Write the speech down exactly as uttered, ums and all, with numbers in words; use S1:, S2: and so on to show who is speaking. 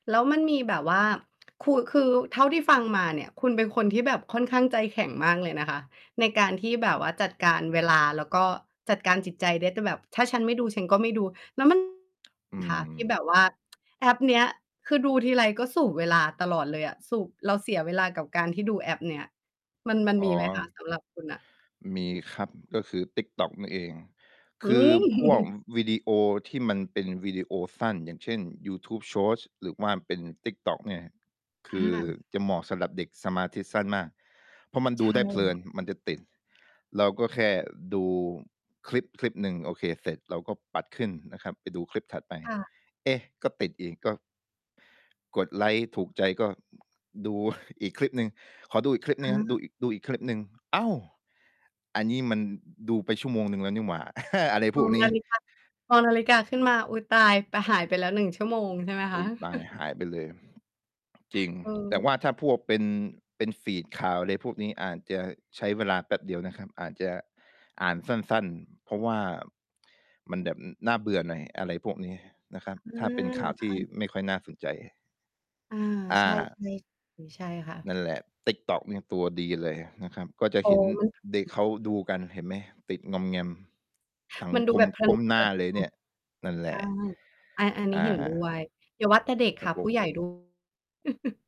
S1: แล้วมันมีแบบว่า ขูดคือ เท่าที่ฟังมาเนี่ย คุณเป็นคนที่แบบค่อนข้างใจแข็งมากเลยนะคะ ในการที่แบบว่าจัดการเวลา แล้วก็จัดการจิตใจได้ แต่แบบถ้าฉันไม่ดูฉันก็ไม่ดู แล้วมัน
S2: อื
S1: ค่ะ ที่
S2: ม
S1: แบบว่า แอปเนี้ย คือดูทีไร ก็สูบเวลาตลอดเลยอะ สูบ เราเสียเวลากับการที่ดูแอปเนี้ย มัน มัน
S2: อ๋
S1: ม
S2: อ
S1: ีไหม คะ สำหรับคุณอะ?
S2: มีครับ ก็คือติ๊กต๊อกนั่นเอง
S1: อ
S2: ค
S1: ื
S2: ือ
S1: ม
S2: พวกวิดีโอที่มันเป็นวิดีโอสั้น อย่างเช่น YouTube Shorts หรือว่าเป็นติ๊กต๊อกเนี่ย คือ
S1: อา
S2: จะเหมาะสำหรับเด็กสมาธิสั้นมาก เพราะมัน
S1: ใช
S2: ดู
S1: ่
S2: ได้เพล
S1: ค
S2: ิ
S1: ่ะ
S2: น มันจะติด เราก็แค่ดูคลิป คลิปหนึ่ง โอเค เสร็จเราก็ปัดขึ้นนะครับ ไปดูคลิปถัดไป
S1: ค่ะ
S2: เอ๊ะ ก็ติดอีก ก็ กดไลก์ถูกใจก็ อ ดู อีก คลิปหนึ่ง ขอดูอีกคลิปห
S1: อ
S2: นึ่งนะ ดู
S1: า
S2: ดูอีกคลิปหนึ่ง อ้าว อันนี้มันดูไปชั่วโมงหนึ่งแล้วนี่หว่า อะไรพ
S1: ม
S2: ว
S1: อ
S2: ก
S1: ง
S2: น
S1: น
S2: ี้
S1: าฬิกา มองนาฬิกาขึ้นมา อุ๊ย ตาย แต่หายไปแล้ว หนึ่ง ชั่วโมงใช่ไหมค
S2: อุ
S1: ะ?
S2: ๊ย ตายหายไปเลย จริง
S1: เ
S2: แต่
S1: ออ
S2: ว่าถ้าพวก เป็น เป็นฟีดข่าวอะไรพวกนี้ อาจจะใช้เวลาแป๊บเดียวนะครับ อาจจะอ่านสั้น ๆ เพราะว่ามันแบบน่าเบื่อหน่อย อะไรพวกนี้นะครับ
S1: อื
S2: ถ้าเป็
S1: ม
S2: นข่าวท
S1: อ
S2: ี่
S1: า
S2: ไม่ค่อยน่าสนใจ
S1: อา
S2: อ
S1: ใช่
S2: า
S1: ๆ เออ ใช่ค่
S2: น
S1: ะ
S2: ั่นแหละ ติ๊กต๊อกเนี่ยตัวดีเลยนะครับ ก็จะ
S1: อ๋อ
S2: เห็น
S1: เนา
S2: เด็ก
S1: ะ
S2: เขาดูกัน เห็นไหม ติดงอมแงม สัง
S1: มันดู
S2: ค
S1: แ
S2: ม
S1: บบ เพลิ
S2: ก้
S1: น
S2: มห
S1: ๆ ค
S2: น้
S1: ่
S2: า
S1: ะ
S2: เลยเนี่ย นั่นแหล
S1: อ้
S2: ะ
S1: าย อา อันน
S2: อ
S1: ี้เห็น
S2: า
S1: ด้วย อย่าว่าแต่เด็ก
S2: ค
S1: ค
S2: ร
S1: ่
S2: ั
S1: ะ
S2: บผ
S1: ผู้ใหญ
S2: ม
S1: ่ ด้วย